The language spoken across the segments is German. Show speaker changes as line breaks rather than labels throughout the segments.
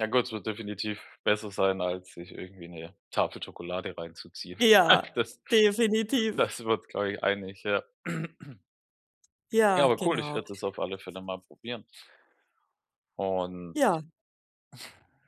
Ja, gut, es wird definitiv besser sein, als sich irgendwie 'ne Tafel Schokolade reinzuziehen.
Ja, definitiv.
Das sind wir uns glaube ich, einig, ja. Ja,
Ja,
aber cool, ich
genau.
werde das auf alle Fälle mal probieren. Und
Ja.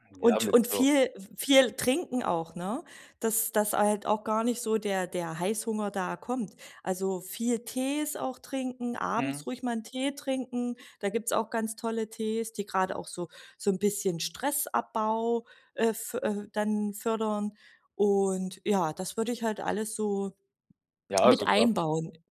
Ja,
Und
mit
und
so
viel viel trinken auch, ne? Dass dass halt auch gar nicht so der der Heißhunger da kommt. Also viel Tees auch trinken, abends
Mhm.
ruhig mal 'n Tee trinken. Da gibt's auch ganz tolle Tees, die gerade auch so so 'n bisschen Stressabbau, äh f äh, dann fördern. Und ja, das würde ich halt alles so,
Ja, also
mit
grad
einbauen.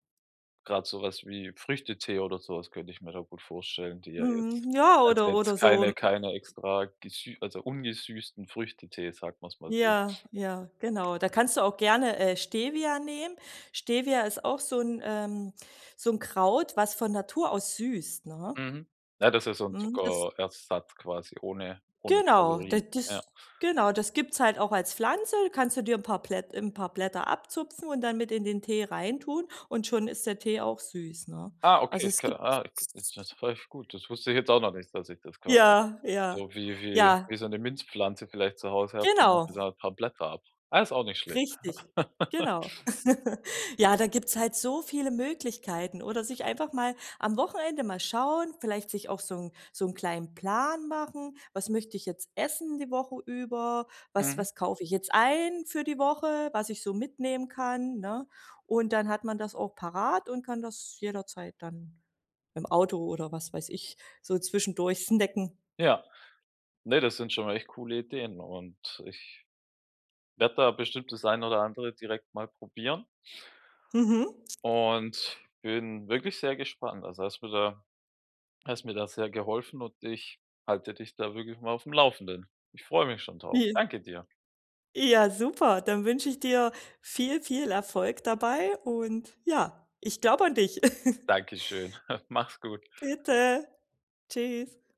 grad sowas wie Früchtetee oder so was könnte ich mir da gut vorstellen, die ja jetzt
Mhm. Ja
also
oder oder
jetzt
so m
keine keine extra gesü also ungesüßten Früchtetee, sagen wir's mal so.
Ja, ja, genau. Da kannst du auch gerne, äh, Stevia nehmen. Stevia ist auch so 'n ähm, so 'n Kraut, was von Natur aus süßt ne?
Mhm. Ja, das ist so 'n
Mhm. Das
Zuckerersatz quasi ohne ohne
Genau. Da
Kalorien. Ja.
das genau, das gibt's es halt auch als Pflanze, kannst du dir 'n paar Plätt 'n paar Blätter abzupfen und dann mit in den Tee reintun und schon ist der Tee auch süß, ne?
Ah,
Also
okay,
es
ka
gibt's
ah k
s
es
s
[unintelligible] läuft gut, das wusste ich jetzt auch noch nicht, dass ich das quasi
Ja, ja,
so wie wie
ja.
wie so 'ne Minzpflanze vielleicht zu Hause habe und mache mir
Genau.
da paar Blätter ab. Ah, ist auch nicht schlecht.
Richtig. Genau. Ja, da gibt's halt so viele Möglichkeiten. Oder sich einfach mal am Wochenende mal schauen, vielleicht sich auch so 'n so 'n kleinen Plan machen. „Was möchte ich jetzt essen die Woche über? Was
Mhm.
was kaufe ich jetzt ein für die Woche, was ich so mitnehmen kann“, ne? Und dann, hat man das auch parat und kann das jederzeit dann, im Auto oder was weiß ich, so zwischendurch snacken.
Ja. Ne, das sind schon echt coole Ideen und ich, werde da bestimmt, dass ein oder andere direkt mal probieren.
Mhm.
Und bin wirklich sehr gespannt. Also hast mir da hast mir da, sehr geholfen und ich halte dich da wirklich mal aufm Laufenden. Ich freue mich schon drauf.
Wie?
Danke dir.
Ja super, dann wünsche ich dir viel, viel Erfolg dabei und ja, ich glaube an dich.
Dankeschön, mach's gut.
Bitte, tschüss.